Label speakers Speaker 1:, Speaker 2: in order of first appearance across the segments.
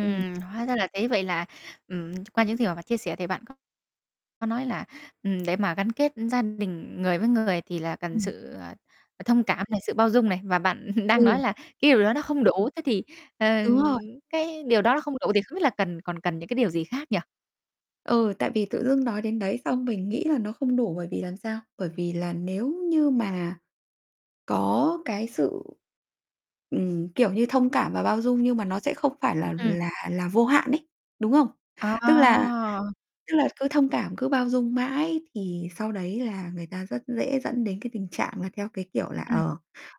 Speaker 1: Ừm.
Speaker 2: hóa ra là thế, vậy là ừm, ch qua những gì mà bạn chia sẻ thì bạn có có nói là, ừm, để mà gắn kết gia đình, người với người thì là cần
Speaker 1: Ừm.
Speaker 2: sự, ờ, ờ, thông cảm này, sự bao dung này, và bạn đang nói
Speaker 1: Ừ.
Speaker 2: là cái điều đó nó không đủ. Thế thì, ờ,
Speaker 1: Đúng rồi.
Speaker 2: cái điều đó nó không đủ thì không biết là cần còn cần những cái điều gì khác nhỉ?
Speaker 1: Ừ, tại vì tự dưng nói đến đấy xong mình nghĩ là nó không đủ bởi vì làm sao? Bởi vì là nếu như mà có cái sự, ừm, kiểu như, thông cảm và bao dung nhưng mà nó sẽ không phải là
Speaker 2: Ừm.
Speaker 1: là là vô hạn ấy, đúng không? Tức là
Speaker 2: À!
Speaker 1: tức là cứ thông cảm, cứ bao dung mãi thì sau đấy là người ta rất dễ dẫn đến cái tình trạng là theo cái kiểu là,
Speaker 2: Ừm.
Speaker 1: ờ,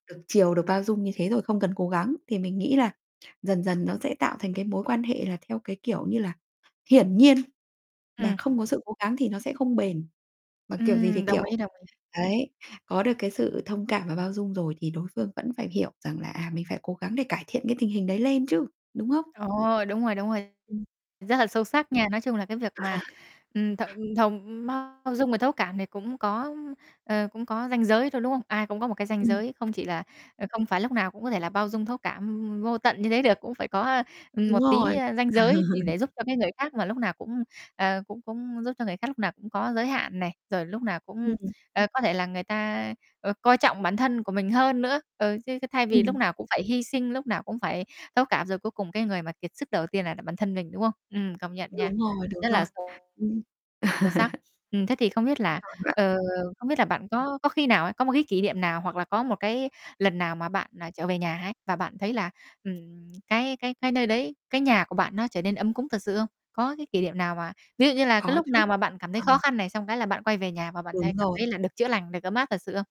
Speaker 1: được chiều, được bao dung như thế rồi không cần cố gắng. Thì mình nghĩ là dần dần nó sẽ tạo thành cái mối quan hệ là theo cái kiểu như là, hiển nhiên, mà
Speaker 2: Ừm.
Speaker 1: không có sự cố gắng thì nó sẽ không bền. Mà kiểu gì thì
Speaker 2: Ừm, đồng ý,
Speaker 1: kiểu,
Speaker 2: đồng ý.
Speaker 1: đấy, có được cái sự thông cảm và bao dung rồi thì đối phương vẫn phải hiểu rằng là, à, mình phải cố gắng để cải thiện cái tình hình đấy lên chứ, đúng không?
Speaker 2: Ồ, đúng rồi, đúng rồi.
Speaker 1: Ừm.
Speaker 2: Rất là sâu sắc nha. Nói chung là cái việc mà, ừm, thổng thồng bao dung và thấu cảm thì cũng có, ưm, ờ, cũng có ranh giới thôi, đúng không? Ai cũng có một cái ranh
Speaker 1: Ừm.
Speaker 2: giới, không chỉ là ờ, không phải lúc nào cũng có thể là bao dung, thấu cảm vô tận như thế được. Cũng phải có, ừm,
Speaker 1: Đúng
Speaker 2: một tí,
Speaker 1: rồi.
Speaker 2: ơ, ranh giới thì để giúp cho cái người khác mà lúc nào cũng à, cũng cũng giúp cho người khác, lúc nào cũng có giới hạn này, rồi lúc nào cũng,
Speaker 1: Ừm.
Speaker 2: ờ, có thể là người ta, ờ, coi trọng bản thân của mình hơn nữa. Ừ, chứ chứ thay vì lúc
Speaker 1: Ừm.
Speaker 2: nào cũng phải hy sinh, lúc nào cũng phải thấu cảm, rồi cuối cùng cái người mà kiệt sức đầu tiên lại là bản thân mình, đúng không? Ừm, công nhận nha.
Speaker 1: Đúng rồi, đúng
Speaker 2: Rất là
Speaker 1: rồi.
Speaker 2: sâu
Speaker 1: Ừm,
Speaker 2: sâu sắc. Ừm, thế thì không biết là
Speaker 1: [unintelligible]
Speaker 2: ờ, không biết là bạn có có khi nào ấy, có một cái kỷ niệm nào hoặc là có một cái lần nào mà bạn, ờ, trở về nhà ấy, và bạn thấy là, ừm, cái cái cái nơi đấy, cái nhà của bạn nó trở nên ấm cúng thật sự không? Có cái kỷ niệm nào mà ví dụ như là cái
Speaker 1: Có
Speaker 2: lúc
Speaker 1: chứ,
Speaker 2: nào mà bạn cảm thấy
Speaker 1: ừm.
Speaker 2: khó khăn này, xong cái là bạn quay về nhà và bạn thấy
Speaker 1: Đúng
Speaker 2: cảm
Speaker 1: rồi.
Speaker 2: thấy là được chữa lành, được ấm áp thật sự không?